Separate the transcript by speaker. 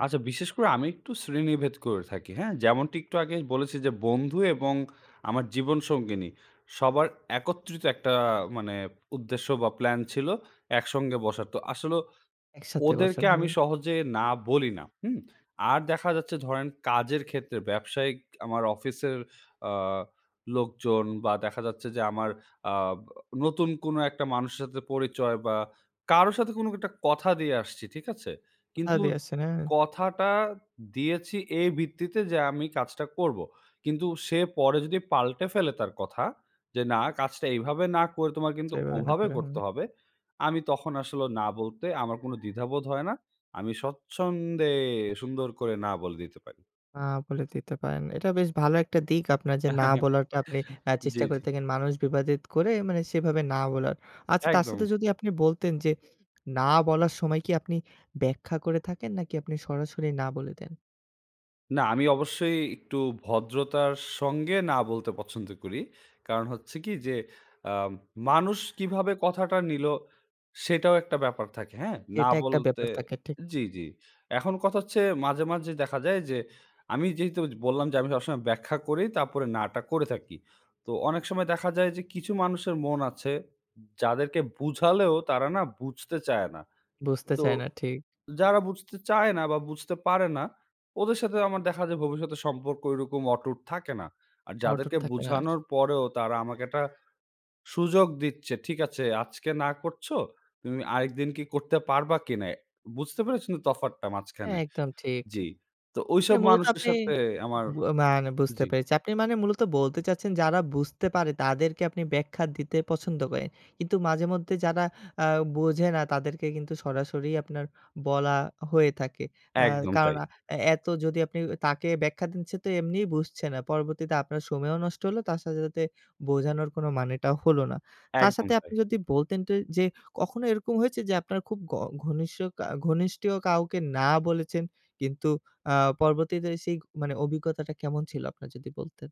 Speaker 1: আচ্ছা, বিশেষ করে আমি একটু শ্রেণীভেদ করে থাকি, হ্যাঁ। যেমনটি একটু আগেই বলেছি যে বন্ধু এবং আমার জীবন সঙ্গিনী সবার একত্রিত একটা মানে উদ্দেশ্য বা প্ল্যান ছিল একসঙ্গে বসার। তো আসলে
Speaker 2: একসাথে বসার।
Speaker 1: ওদেরকে আমি
Speaker 2: হুম।
Speaker 1: সহজে না বলি না, হুম। আর দেখা যাচ্ছে ধরেন কাজের ক্ষেত্রে ব্যবসায়িক আমার অফিসের আ লোকজন বা দেখা যাচ্ছে যে, আমার আ নতুন কোনো একটা মানুষের সাথে পরিচয় বা কারো সাথে কোনো একটা কথা দিয়ে আসছি, ঠিক আছে।
Speaker 2: কথা
Speaker 1: কিন্তু
Speaker 2: দিয়ে আসছেন, হ্যাঁ।
Speaker 1: কথাটা দিয়েছি এই ভিত্তিতে যে আমি কাজটা করবো। কিন্তু সে পরে যদি পাল্টে ফেলে তার কথা, যে না কাজটা এইভাবে না করে তোমার কিন্তু
Speaker 2: যেভাবে না
Speaker 1: ওভাবে
Speaker 2: করেন,
Speaker 1: করতে
Speaker 2: হুম।
Speaker 1: হবে। আমি তখন আসলে না বলতে আমার কোনো দ্বিধাবোধ হয় না আমি স্বচ্ছন্দে সুন্দর করে না বলে দিতে পারি।
Speaker 2: না বলে দিতে পারেন। এটা বেশ ভালো একটা দিক আপনার যে না বলাটা আপনি এ চেষ্টা
Speaker 1: জ্বী,
Speaker 2: করে
Speaker 1: জ্বী।
Speaker 2: থাকেন। মানুষ বিবাদিত করে, মানে সেভাবে না বলার। আচ্ছা, তার সাথে
Speaker 1: একদম।
Speaker 2: যদি আপনি বলতেন যে, না বলার সময় কি আপনি ব্যাখ্যা করে থাকেন নাকি আপনি সরাসরি না বলে দেন?
Speaker 1: না, আমি অবশ্যই একটু ভদ্রতার সঙ্গে না বলতে পছন্দ করি। কারণ হচ্ছে কি যে আম মানুষ কিভাবে কথাটা নিলো সেটাও একটা ব্যাপার থাকে, হ্যাঁ। না
Speaker 2: এটা একটা
Speaker 1: বলতে
Speaker 2: ব্যাপার থাকে, ঠিক।
Speaker 1: জি, জি। এখন কথা হচ্ছে মাঝে, মাঝে দেখা যায় যে, আমি যেহেতু বললাম যে আমি সবসময় ব্যাখ্যা করেই তারপরে না টা করে থাকি। তো অনেক সময় দেখা যায় যে কিছু মানুষের মন আছে, যাদেরকে বুঝালেও তারা না বুঝতে চায় না।
Speaker 2: বুঝতে
Speaker 1: তো
Speaker 2: চায় না, ঠিক।
Speaker 1: যারা বুঝতে চায় না বা বুঝতে পারে না, ওদের সাথে আমার দেখা যায় ভবিষ্যতের সম্পর্ক ঐরকম অটুট থাকে না। আর
Speaker 2: অটুট
Speaker 1: যাদেরকে
Speaker 2: থাকার।
Speaker 1: বুঝানোর পরেও তারা আমাকে একটা সুযোগ দিচ্ছে, ঠিক আছে, আজকে না করছ। তুমি আরেকদিন কি করতে পারবা কিনা? বুঝতে পেরেছেন তো তফাৎটা মাঝখানে।
Speaker 2: একদম ঠিক।
Speaker 1: জ্বি। তো
Speaker 2: মানে
Speaker 1: ঐসব
Speaker 2: মূলত
Speaker 1: মানুষের
Speaker 2: আপনি
Speaker 1: সাথে আমার
Speaker 2: ম মানে বুঝতে
Speaker 1: জি।
Speaker 2: পেরেছি। আপনি মানে মূলত বলতে চাচ্ছেন, যারা বুঝতে পারে তাদেরকে আপনি ব্যাখ্যা দিতে পছন্দ করেন। কিন্তু মাঝেমধ্যে যারা আ বোঝে না তাদেরকে কিন্তু সরাসরি আপনার বলা হয়ে থাকে। আ
Speaker 1: একদম
Speaker 2: কারণ
Speaker 1: তাই।
Speaker 2: এ এত যদি আপনি তাকে ব্যাখ্যা দিচ্ছেন তো এমনিই বুঝছে না। পরবর্তীতে আপনার সময়ও নষ্ট হলো; তার সাথে, সাথে বোঝানোর কোন মানেটাও হল না। তার
Speaker 1: একদম
Speaker 2: সাথে
Speaker 1: তাই।
Speaker 2: আপনি যদি বলতেন ট যে কখনো এরকম হয়েছে যে আপনার খুব ক ঘনিষ্ঠ কা ঘনিষ্ঠীয় কাউকে না বলেছেন। কিন্তু আ পরবর্তীতে সেই মানে অভিজ্ঞতাটা কেমন ছিল আপনার যদি বলতেন?